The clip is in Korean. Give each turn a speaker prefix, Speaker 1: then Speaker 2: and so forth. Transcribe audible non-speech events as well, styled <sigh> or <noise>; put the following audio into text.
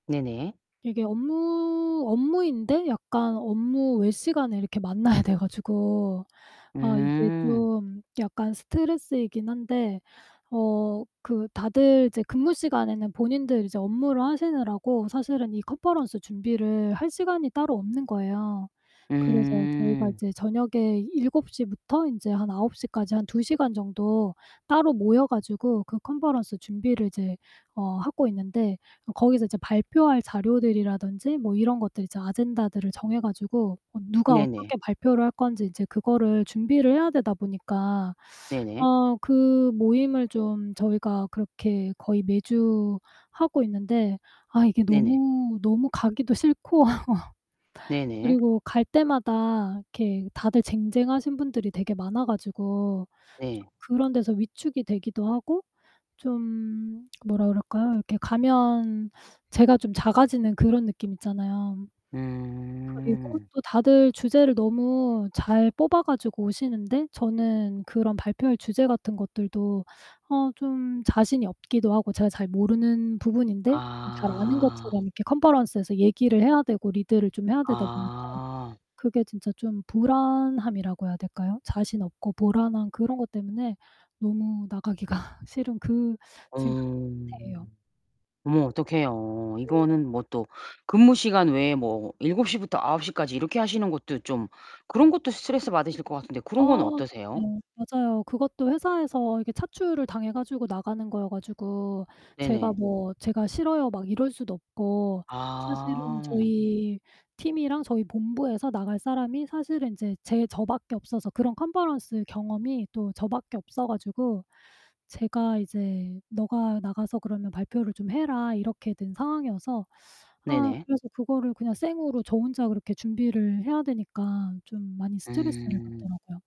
Speaker 1: 네네.
Speaker 2: 이게 업무, 업무인데 약간 업무 외 시간에 이렇게 만나야 돼 가지고 아 이게
Speaker 1: 음.
Speaker 2: 좀 약간 스트레스이긴 한데 어 그 다들 이제 근무 시간에는 본인들 이제 업무를 하시느라고 사실은 이 컨퍼런스 준비를 할 시간이 따로 없는 거예요. 그래서 저희가
Speaker 1: 음.
Speaker 2: 이제 저녁에 7:00 부터 인제 한 9:00 까지 한 2 시간 정도 따로 모여 가지고 그 컨퍼런스 준비를 이제 어 하고 있는데 거기서 이제 발표할 자료들이라든지 뭐 이런 것들 이제 아젠다들을 정해 가지고 어 누가
Speaker 1: 네네.
Speaker 2: 어떻게 발표를 할 건지 인제 그거를 준비를 해야 되다 보니까
Speaker 1: 네네.
Speaker 2: 어 그 모임을 좀 저희가 그렇게 거의 매주 하고 있는데 아 이게
Speaker 1: 네네.
Speaker 2: 너무, 너무 가기도 싫고 <laughs>
Speaker 1: 네네.
Speaker 2: 그리고 갈 때마다 이렇게 다들 쟁쟁하신 분들이 되게 많아 가지고 좀
Speaker 1: 네.
Speaker 2: 그런 데서 위축이 되기도 하고 좀 뭐라 그럴까요? 이렇게 가면 제가 좀 작아지는 그런 느낌 있잖아요. 그리고
Speaker 1: 음.
Speaker 2: 또 다들 주제를 너무 잘 뽑아 가지고 오시는데 저는 그런 발표할 주제 같은 것들도 어 좀 자신이 없기도 하고 제가 잘 모르는 부분인데 좀 잘 아는
Speaker 1: 아.
Speaker 2: 것처럼 이렇게 컨퍼런스에서 얘기를 해야 되고 리드를 좀 해야 되다 보니까
Speaker 1: 아.
Speaker 2: 그게 진짜 좀 불안함이라고 해야 될까요? 자신 없고 불안한 그런 것 때문에 너무 나가기가 싫은 그 지금 그
Speaker 1: 어.
Speaker 2: 상태예요.
Speaker 1: 어머 어떡해요.
Speaker 2: 네.
Speaker 1: 이거는 뭐 또 근무 시간 외에 뭐 7:00 부터 9:00 까지 이렇게 하시는 것도 좀 그런 것도 스트레스 받으실 것 같은데
Speaker 2: 아
Speaker 1: 그런 건
Speaker 2: 네.
Speaker 1: 어떠세요?
Speaker 2: 맞아요. 그것도 회사에서 이게 차출을 당해 가지고 나가는 거여 가지고 제가
Speaker 1: 네네.
Speaker 2: 뭐 제가 "싫어요." 막 이럴 수도 없고 사실은
Speaker 1: 아.
Speaker 2: 저희 팀이랑 저희 본부에서 나갈 사람이 사실은 인제 제 저밖에 없어서 그런 컨퍼런스 경험이 또 저 밖에 없어 가지고 제가 이제 "네가 나가서 그러면 발표를 좀 해라." 이렇게 된 상황이어서 아
Speaker 1: 네네.
Speaker 2: 그래서 그거를 그냥 생으로 저 혼자 그렇게 준비를 해야 되니까 좀 많이 스트레스를
Speaker 1: 음.
Speaker 2: 받더라고요.